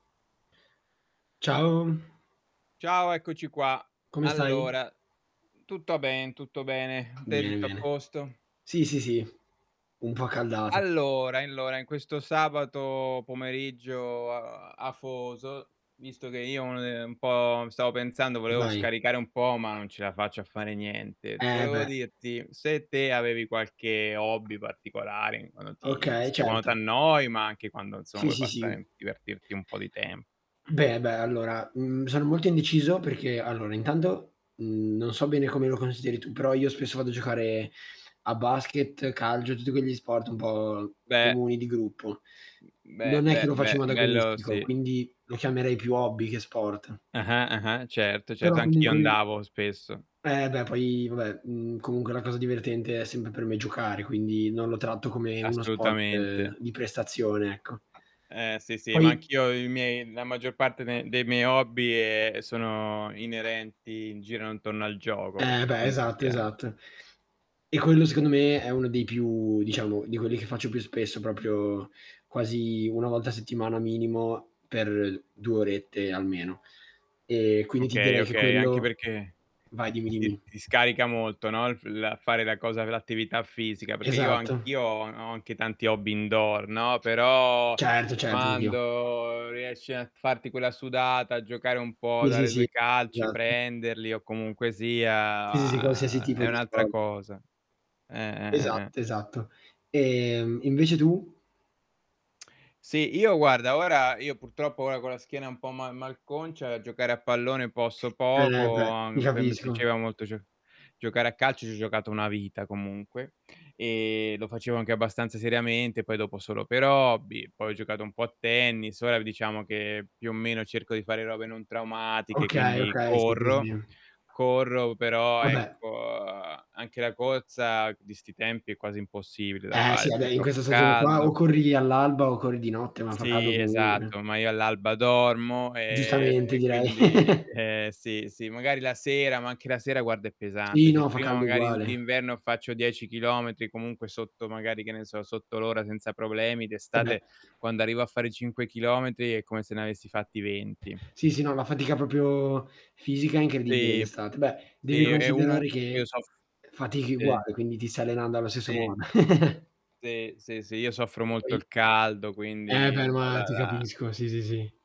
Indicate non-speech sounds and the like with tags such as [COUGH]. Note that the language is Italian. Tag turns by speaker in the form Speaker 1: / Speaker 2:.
Speaker 1: Ciao.
Speaker 2: Ciao, eccoci qua.
Speaker 1: Come stai?
Speaker 2: Allora, mhmm, tutto ben tutto bene, [SNORTS] te
Speaker 1: Bene,
Speaker 2: tutto a
Speaker 1: bene.
Speaker 2: posto?
Speaker 1: Sì, sì, sì, un po' accaldato.
Speaker 2: Allora, allora in questo sabato pomeriggio oa afoso visto che io [UNINTELLIGIBLE] un po' stavo pensando volevo
Speaker 1: Vai.
Speaker 2: scaricare un po' ma non ce la faccio a fare niente.
Speaker 1: Eh,
Speaker 2: Volevo
Speaker 1: beh.
Speaker 2: dirti se te avevi qualche hobby particolare in quando ti
Speaker 1: Okay
Speaker 2: st quando
Speaker 1: certo.
Speaker 2: t'annoi ma anche quando insomma
Speaker 1: Sì,
Speaker 2: vuoi
Speaker 1: sì,
Speaker 2: passare
Speaker 1: sì.
Speaker 2: mhmm, divertirti un po' di tem
Speaker 1: Beh, beh, allora, mhmm, sono molto indeciso perché allora intanto, mhmm, non so bene come lo consideri tu, però io spesso vado a giocare a basket, calcio, tutti quegli sport un po'
Speaker 2: Beh!
Speaker 1: comuni, di gruppo.
Speaker 2: Mhmm,
Speaker 1: Non
Speaker 2: be
Speaker 1: è
Speaker 2: be
Speaker 1: che lo faccio
Speaker 2: be
Speaker 1: in modo
Speaker 2: bello
Speaker 1: agonistico,
Speaker 2: sì.
Speaker 1: quindi lo chiamerei più hobby che sport.
Speaker 2: Ah-ah, ah-ah, certo,
Speaker 1: Però
Speaker 2: certo anch'io
Speaker 1: comunque mi
Speaker 2: andavo spesso.
Speaker 1: Eh beh, poi vabbè, mhmm, comunque la cosa divertente è sempre per me giocare, quindi non lo tratto come uno sport
Speaker 2: Assolutamente.
Speaker 1: di prestazione, ecco.
Speaker 2: Eh sì, sì, ma
Speaker 1: Poi
Speaker 2: anch'io i miei la maggior parte de dei miei hobby e sono inerenti in girano intorno al gioco,
Speaker 1: Eh
Speaker 2: perché
Speaker 1: beh,
Speaker 2: comunque
Speaker 1: esatto,
Speaker 2: sia
Speaker 1: esatto. E quello secondo me è uno dei più diciamo di quelli che faccio più spesso, proprio quasi 1 volta a settimana minimo, per 2 orette almeno. E quindi ti
Speaker 2: Okay,
Speaker 1: direi che
Speaker 2: okay, anche
Speaker 1: quello
Speaker 2: perché
Speaker 1: vai, dimmi,
Speaker 2: ti
Speaker 1: dimmi.
Speaker 2: ti scarica molto, no, il f la fare la cosa v l'attività fisica perché io
Speaker 1: Esatto.
Speaker 2: anch'io ho a ho anche tanti hobby indoor, no, però
Speaker 1: Certo, certo, anch'io.
Speaker 2: quando riesci a farti quella sudata, a giocare un po',
Speaker 1: Sì, sì,
Speaker 2: dare 2
Speaker 1: sì.
Speaker 2: calci,
Speaker 1: [UNINTELLIGIBLE]
Speaker 2: prenderli o comunque
Speaker 1: Sì, sì, sì, qualsiasi
Speaker 2: sia
Speaker 1: tipo
Speaker 2: è
Speaker 1: di
Speaker 2: un'altra
Speaker 1: sport.
Speaker 2: cosa. Eh, eh, eh, eh.
Speaker 1: Esatto, esatto. E, mhmm, invece tu?
Speaker 2: [SMACKS LIPS] Sì, io guarda, ora io purtroppo ora con la schiena un po' ma malconcia giocare a pallone posso
Speaker 1: Eh,
Speaker 2: poco,
Speaker 1: beh.
Speaker 2: a
Speaker 1: Ti
Speaker 2: m poi a me
Speaker 1: capisco.
Speaker 2: piaceva molto gio giocare a calcio, ci ho giocato una vita comunque, e lo facevo anche abbastanza seriamente, poi dopo solo per hobby, poi ho giocato un po' a tennis, ora v diciamo che più o meno cerco di fare robe non traumatiche,
Speaker 1: Okay,
Speaker 2: quindi
Speaker 1: okay. Sì, sì,
Speaker 2: corro.
Speaker 1: sì.
Speaker 2: Corro però
Speaker 1: Ah
Speaker 2: ecco
Speaker 1: beh
Speaker 2: anche la corsa di 'sti tempi è quasi impossibile da
Speaker 1: Eh, sì
Speaker 2: fare
Speaker 1: vabbè
Speaker 2: perché è
Speaker 1: in questa
Speaker 2: troppo
Speaker 1: stagione qua o
Speaker 2: caldo
Speaker 1: corri all'alba o corri di notte ma fa caldo
Speaker 2: Sì,
Speaker 1: comunque.
Speaker 2: esatto, ma io all'alba dormo e
Speaker 1: Giustamente
Speaker 2: e
Speaker 1: direi.
Speaker 2: quindi
Speaker 1: [CHUCKLES]
Speaker 2: eh, sì, sì magari la sera, ma anche la sera guarda è
Speaker 1: Sì,
Speaker 2: pesante. Se
Speaker 1: no, fa
Speaker 2: prima
Speaker 1: caldo
Speaker 2: magari u
Speaker 1: uguale.
Speaker 2: d'inverno faccio 10 chilometri, comunque sotto magari, che ne so, sotto l'ora senza problemi
Speaker 1: Eh beh.
Speaker 2: d'estate, quando arrivo a fare 5 chilometri, è come se ne avessi fatti 20.
Speaker 1: Sì, sì, no, la fatica proprio fisica è incredibile
Speaker 2: Sì,
Speaker 1: d'estate. Beh,
Speaker 2: sì
Speaker 1: devi
Speaker 2: e u
Speaker 1: considerare
Speaker 2: e io
Speaker 1: che
Speaker 2: soff
Speaker 1: fatichi
Speaker 2: sì.
Speaker 1: uguale quindi ti stai allenando allo stesso
Speaker 2: Sì.
Speaker 1: modo. [CHUCKLES]
Speaker 2: Sì, sì, sì io soffro
Speaker 1: E
Speaker 2: molto
Speaker 1: poi
Speaker 2: il caldo
Speaker 1: Eh
Speaker 2: quindi
Speaker 1: beh, ma ti
Speaker 2: [UNINTELLIGIBLE]
Speaker 1: capisco, sì, sì, sì.